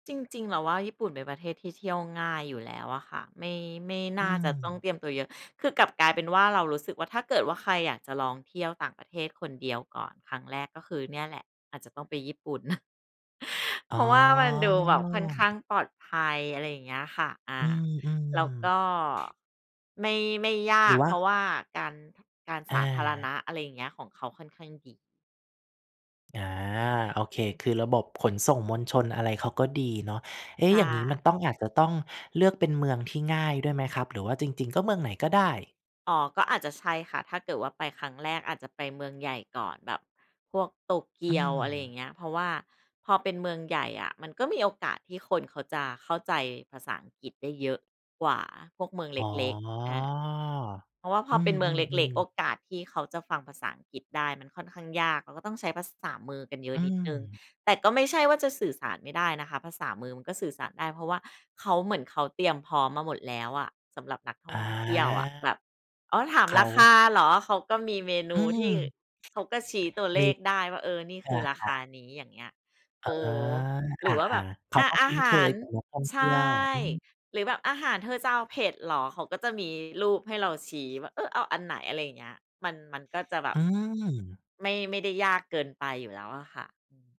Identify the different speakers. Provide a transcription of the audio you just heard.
Speaker 1: จริง ๆ เราว่า ญี่ปุ่นเป็นประเทศที่เที่ยวง่ายอยู่แล้วอะค่ะ ไม่ ไม่น
Speaker 2: อื
Speaker 1: ่าจะต้อง
Speaker 2: ม
Speaker 1: เตรียมตัวเยอะ คือกลับกลายเป็นว่าเรารู้สึกว่า ถ้าเกิดว่าใครอยากจะลองเที่ยวต่างประเทศคนเดียวก่อนครั้งแรก ก็คือเนี่ยแหละอาจจะต้องไปญี่ปุ่น เ
Speaker 2: อ
Speaker 1: พ
Speaker 2: ๋
Speaker 1: ร
Speaker 2: อ
Speaker 1: าะว่ามันดูแบบค่อนข้างปลอดภัย อะไรอย่างเงี้ยค่ะ อ
Speaker 2: อ
Speaker 1: า
Speaker 2: ื
Speaker 1: แล้ว
Speaker 2: อ
Speaker 1: ก็
Speaker 2: ๆ
Speaker 1: ไม่ ไม่ย
Speaker 2: หร
Speaker 1: า
Speaker 2: ือ
Speaker 1: ก
Speaker 2: ว่
Speaker 1: เ
Speaker 2: า
Speaker 1: พราะว่าการ การสาธารณ
Speaker 2: อา
Speaker 1: ะ อะไรอย่างเงี้ย ของเขาค่อนข้างดี
Speaker 2: อา โอเค คือระบบขนส่งมวลชนอะไรเขาก็ดีเนาะ เอ๊
Speaker 1: ใช
Speaker 2: ะ อย่างงี้มัน
Speaker 1: ่
Speaker 2: ต้อง อาจจะต้องเลือกเป็นเมืองที่ง่ายด้วยไหมครับ หรือว่าจริง ๆ ก็เมืองไหนก็ได้?
Speaker 1: อ๋อ ก็อาจจะใช่ค่ะ ถ้าเกิดว่าไปครั้งแรก อาจจะไปเมืองใหญ่ก่อน แบบพวกโตเก
Speaker 2: อื
Speaker 1: ียว อะไรอย่า
Speaker 2: อ
Speaker 1: งเงี้ย เพราะว่าพอเป็นเมืองใหญ่อะ มันก็มีโอกาสที่คนเขาจะเข้าใจภาษาอังกฤษได้เยอะกว่าพวกเมืองเ
Speaker 2: อ๋อ
Speaker 1: ล็ก ๆ อา เพราะว่าพ
Speaker 2: อ
Speaker 1: อ
Speaker 2: ื
Speaker 1: เป็นเมืองเล็ก
Speaker 2: อ
Speaker 1: ๆ โอ
Speaker 2: ๆ ๆ
Speaker 1: กาสที่เขาจะฟังภาษาอังกฤษได้ มันค่อนข้างยาก เราก็ต้องใช้ภาษามือกันเยอะ
Speaker 2: อื
Speaker 1: นิดหนึ่ง
Speaker 2: ม
Speaker 1: แต่ก็ไม่ใช่ว่าจะสื่อสารไม่ได้นะคะ ภาษามือมันก็สื่อสารได้ เพราะว่าเขา เหมือนเขาเตรียมพร้อมมาหมดแล้วอะ สำหรับนักท่อ
Speaker 2: อ
Speaker 1: งเที่ยวอะ
Speaker 2: า
Speaker 1: แบบ "อ๋อ ถาม
Speaker 2: เข
Speaker 1: ร
Speaker 2: า
Speaker 1: าคาเหรอ?" เขาก็มีเมน
Speaker 2: อื
Speaker 1: ู
Speaker 2: ม
Speaker 1: ที่เขาก็ชี้ตัวเ
Speaker 2: ม
Speaker 1: ล
Speaker 2: ี
Speaker 1: ขได้ว่า เออ นี่
Speaker 2: อ
Speaker 1: คือราค
Speaker 2: า
Speaker 1: า
Speaker 2: ๆ
Speaker 1: นี้ อย่างเงี้ย
Speaker 2: อ
Speaker 1: เ
Speaker 2: ๋
Speaker 1: อ
Speaker 2: อ
Speaker 1: อ หร
Speaker 2: อ
Speaker 1: ื
Speaker 2: า
Speaker 1: อว่าแบบ
Speaker 2: ๆ เข
Speaker 1: อ
Speaker 2: า
Speaker 1: า
Speaker 2: ก็
Speaker 1: อ
Speaker 2: ค
Speaker 1: า
Speaker 2: ุ้น
Speaker 1: ห
Speaker 2: เค
Speaker 1: า
Speaker 2: ย
Speaker 1: ร
Speaker 2: กับนักท่อง
Speaker 1: ใ
Speaker 2: เ
Speaker 1: ช
Speaker 2: ที่ย
Speaker 1: ่
Speaker 2: ว อืม
Speaker 1: "หรือแบบอาหารเธอจะเอาเผ็ดเหรอ?" เขาก็จะมีรูปให้เราชี้ว่า เออ เอาอันไหน อะไรอย่างเงี้ย มัน มันก็จะแบ
Speaker 2: อ
Speaker 1: บ
Speaker 2: ืม
Speaker 1: ไม่ ไม่ได้ยากเกินไปอยู่แล้วอะค่ะ อืม